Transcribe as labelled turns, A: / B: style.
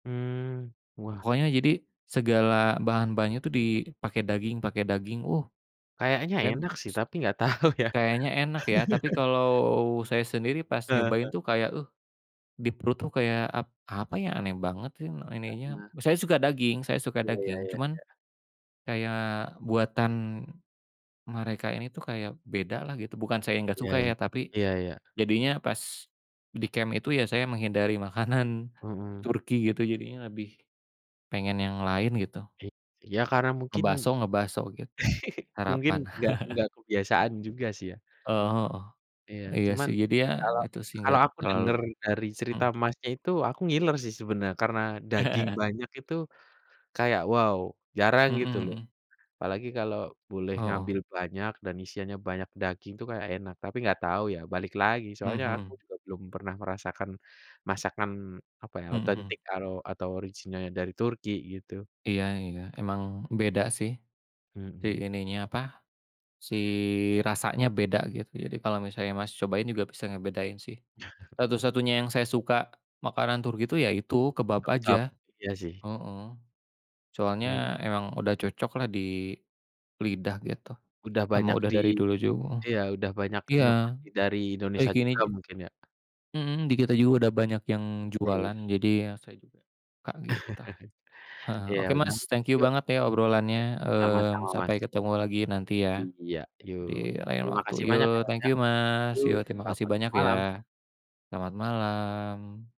A: Mmm. Wah.
B: Pokoknya jadi, segala bahan-bahannya itu dipakai daging pakai daging uh,
A: Kayaknya
B: kan.
A: enak sih tapi enggak tahu ya.
B: Kayaknya enak ya, tapi kalau saya sendiri pas
A: Heeh heeh.
B: nyobain tuh kayak uh, di perut kayak ap apa ya aneh banget sih ininya.
A: Karena.
B: Saya suka daging saya suka
A: Iya iya
B: daging
A: iya
B: cuman
A: iya.
B: kayak buatan mereka ini tuh kayak bedalah gitu, bukan saya enggak
A: Iya.
B: suka ya tapi
A: Iya iya.
B: jadinya pas di camp itu ya saya menghindari makanan
A: Mhm.
B: Turki gitu jadinya lebih pengen yang lain gitu.
A: Iy iya karena mungkin
B: Ngebaso ngebaso gitu.
A: mungkin
B: Harapan.
A: enggak enggak kebiasaan juga sih ya.
B: Oh,
A: Iya.
B: heeh. Iya
A: Cuman
B: sih jadinya,
A: kalau
B: itu sih
A: kalau
B: enggak
A: aku denger
B: terlalu.
A: dari cerita,
B: Mhm.
A: Masnya, itu aku ngiler sih sebenar karena daging banyak itu kayak, wow jarang
B: Mhm
A: gitu loh.
B: mhm.
A: Apalagi kalau boleh
B: Heeh.
A: ngambil banyak dan isiannya banyak daging tuh kayak enak, tapi enggak tahu ya balik lagi
B: Mhm
A: soalnya aku
B: mhm.
A: juga belum pernah merasakan masakan apa ya
B: Mhm mhm.
A: otentik karo atau originalnya dari Turki gitu.
B: Iya iya. Emang beda sih, si
A: Mhm.
B: ininya apa, si rasanya beda gitu. Jadi kalau misalnya, Mas, cobain juga bisa ngebedain sih. Satu-satunya yang saya suka makanan Turki itu ya itu kebab
A: Kebab,
B: aja
A: iya sih.
B: heeh.
A: Iya.
B: Soalnya emang udah cocok lah di lidah gitu,
A: Udah
B: sama
A: banyak
B: udah
A: di
B: dari dulu ju heeh.
A: iya udah banyak
B: Iya
A: inovasi dari
B: eee,
A: Indonesia
B: gini
A: juga
B: j
A: mungkin ya.
B: mhm di kita juga udah banyak yang
A: Iya.
B: jualan jadi ya saya juga kaget tuh. Heeh,
A: Ya
B: oke
A: udah.
B: Mas thank you
A: Yuk, ya,
B: banget ya obrolannya,
A: sama-sama,
B: mmm,
A: Mas.
B: sampai ketemu lagi nanti ya.
A: Iya, yuk.
B: Di lain
A: Terima
B: waktu.
A: kasih banyak ya,
B: Yu,
A: Mas,
B: thank
A: ya.
B: you, Mas.
A: Yo,
B: Yuk terima kasih
A: selamat
B: banyak
A: malam.
B: ya. Selamat malam.